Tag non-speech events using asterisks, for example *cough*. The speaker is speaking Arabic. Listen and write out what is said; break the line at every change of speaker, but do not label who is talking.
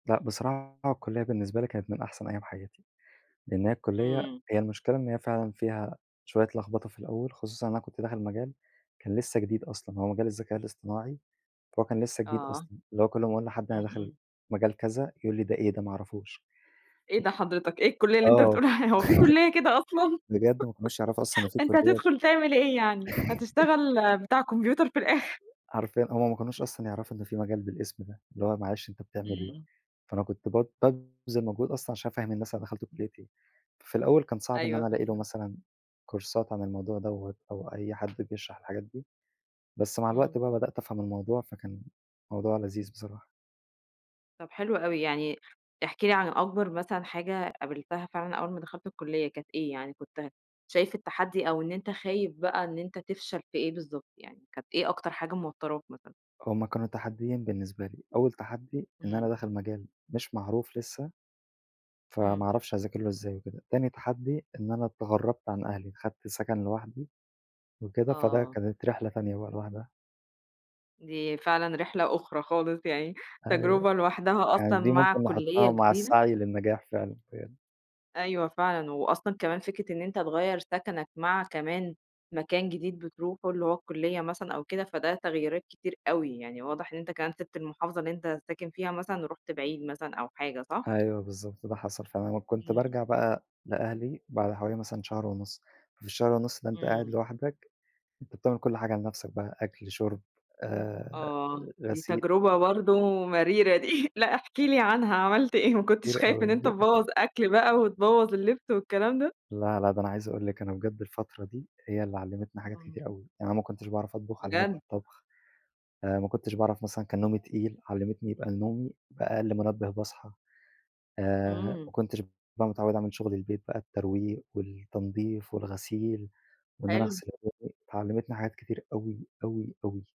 لأ، بصراحة الكلِّية بالنسبة لي كانت من أحسن أيام حياتي؛ لإن هي الكلِّية
إمم.
هي المشكلة إن هي فعلًا فيها شوية لخبطة في الأول، خصوصًا إن أنا كنت داخل مجال كان لسه جديد أصلًا، هو مجال الذكاء الاصطناعي، فهو كان لسه جديد
آه.
أصلًا، اللي هو كل أما أقول لحد
إمم،
أنا داخل
إمم.
مجال كذا يقول لي ده إيه ده ما أعرفوش
إيه ده حضرتك، إيه الكلَِية اللي أنت
آه
بتقول عليها هو فيه
*chuckles*
كلِّية كده أصلًا؟
بجد ما كانوش يعرفوا أصلًا إن
*giggles*
في
أنت
كلية
هتدخل تعمل إيه يعني هتشتغل
*chuckles*
بتاع كمبيوتر في الآخر.
حرفيًا هُم ما كانوش أصلًا يعرفوا إن في مجال بالاسم ده، اللي هو معلش أنت بتعمل
إمم،
إيه،
إمم.
فأنا كنت ب بابذل مجهود أصلًا عشان أفهِّم الناس أنا دَخَلت كلية إيه، ففي الأول كان صعب إن
أيوه،
أنا ألاقي له
فاهماك.
مثلًا كورسات عن الموضوع دوَّة، أو أي حد بيشرح الحاجات دي، بس مع الوقت
إمم.
بقى بدأت أفهم الموضوع، فكان موضوع لذيذ بصراحة.
طَب حلو أوي، يعني احكِ لي عن أكبر مثلًا حاجة قابلتها فعلًا أول ما دخلت الكلِّية، كانت إيه، يعني كنت شايف التحدي، أو إن أنت خايف بقى، إن أنت تفشل في إيه بالضبط يعني، كانت إيه أكتر حاجة موتراك مثلًا؟
هُم كانوا تحديين بالنسبة لي، أول تحدي إن أنا
إمم.
داخل مجال مش معروف لسه، فما
إمم.
أعرفش أذاكر له إزاي وكده، تاني تحدي إن أنا اتغرّبت عن أهلي، خدت سكن لوحدي وكده، فده
آه.
كانت رحلة تانية بقى لوحدها.
دي فعلًا رحلة أُخرى خالص، يعني
أيوه،
تجربة لوحدها
يعني
أصلًا
دي
مع
ممكن
كلِّية
نحطها مع
جديدة
السعي للنجاح فعلًا بجد.
أيوه فعلًا، وأصلًا كمان فكرة إن أنت تغيّر سكَنَك مع كمان مكان جديد بتروحه، اللي هو الكلِّية مثلًا أو كده، فده تغييرات كتير أوي، يعني واضح إن أنت كمان سيبت المحافظة اللي أنت ساكن فيها مثلًا، ورُحت بعيد مثلًا أو حاجة صح؟
أيوه بالضبط، ده حصل فعلًا،
إمم،
وكنت
إمم.
بارجع بقى لأهلي بعد حوالي مثلًا شهر ونُص، في الشهر ونُص ده أنت قاعد
إمم.
لوحدك، أنت بتعمل كل حاجة لنفْسك بقى أكل، شُرب، آآ،
آه، دي
غسيل.
تجربة برضو مريرة دي *chuckles* لأ احكِ لي عنها عملت إيه، ما كنتش خايف إن أنت
*unintelligible*
تبوّظ أكل بقى وتبوّظ اللبس والكلام ده؟
لا، لا ده أنا عايز أقول لِك أنا بجد الفترة دي، هي اللي علمتني حاجات
إمم.
كتير أوي، يعني أنا ما كنتش باعرف أطبخ، علّمتني
بجد؟!
الطبخ، آآ، ما كنتش باعرف مثلًا كان نومي تقيل، علمتني يبقى نومي بقى أقل منبه باصحى، آآ، ما
إمم.
كنتش بقى متعوِّد أعمل شُغل البيت بقى الترويق والتنضيف والغسيل، وإن أنا
حلو.
أغسل هدومي، فعلّمتني حاجات كتير أوي، أوي، أوي.